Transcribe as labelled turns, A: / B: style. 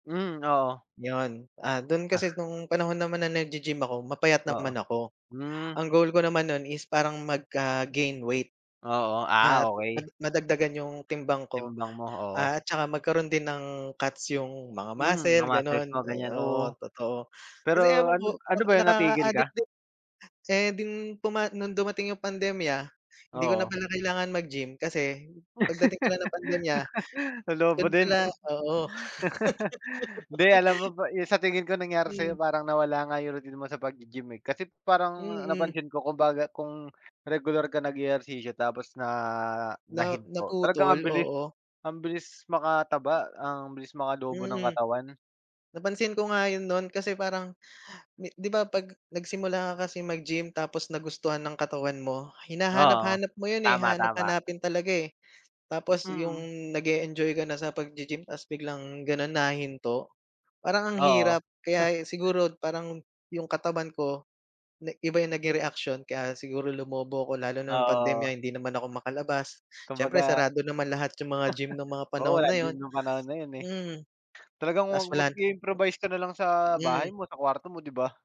A: Hmm oo.
B: 'Yon. Ah, do'n
A: Ah.
B: kasi no'ng panahon naman na nag-ge-gym ako, mapayat
A: Oo,
B: naman ako.
A: hmm.
B: Ang goal ko naman no'n is parang magka-gain weight.
A: Oo. Ah,
B: At
A: okey.
B: mad madagdagan 'yong timbang ko
A: Timbang mo, oo.
B: at saka magkaroon din ng cuts 'yong mga
A: Hmm, mga
B: muscle
A: muscles
B: gano'n.
A: mo
B: Eh,
A: ganyan,
B: oo,
A: oo.
B: totoo. Kasi
A: Pero
B: ewan ko
A: ano ano
B: para
A: ba 'yon, natigil
B: nakakaadik
A: ka?
B: din. Saya ding tuma no'ng dumating 'yong pandemya, hindi ko na
A: Oo.
B: pala kailangan mag-gym kasi pagdating pala ng pandemya,
A: Lolobo
B: do'n
A: din.
B: pala, oo.
A: Hindi alam mo ba 'yong sa tingin ko nangyari
B: Mm.
A: sa'yo, parang nawala nga 'yong routine mo sa pag-ge-gym eh. Kasi parang
B: Mm.
A: napansin ko kumbaga kung regular ka nag-ehersisyo tapos na
B: Na
A: nahinto, talagang ang
B: naputol,
A: bilis,
B: oo.
A: ang bilis makataba, ang bilis makalobo ng
B: Mm.
A: katawan.
B: Napansin ko nga 'yon no'n kasi parang di 'di ba 'pag nagsimula ka kasi mag-gym, tapos nagustuhan ng katawan mo,
A: Oo.
B: hinahanap-hanap mo 'yon, eh.
A: Tama, tama.
B: Hahanap-hanapin talaga, eh. Tapos
A: Mm.
B: 'yong nag-e-enjoy ka na sa pag-ge-gym tas biglang gano'n nahinto, parang ang
A: Oo.
B: hirap.
A: Ha
B: Kaya e siguro parang 'yong katawan ko na iba yung naging reaksyon kaya siguro lumobo ako, lalo na no'ng
A: Oo.
B: pandemya hindi naman ako makalabas. Siyempre
A: Kumbaga
B: sarado naman lahat 'yong mga gym no'ng mga
A: Oo,
B: panahon na
A: walang gym
B: 'yon,
A: no'ng panahon na 'yon, eh.
B: mm.
A: Talagang mag
B: Tas wala na
A: mag-i-improvise ka na lang sa bahay
B: Mm.
A: mo, sa kwarto mo, 'di ba?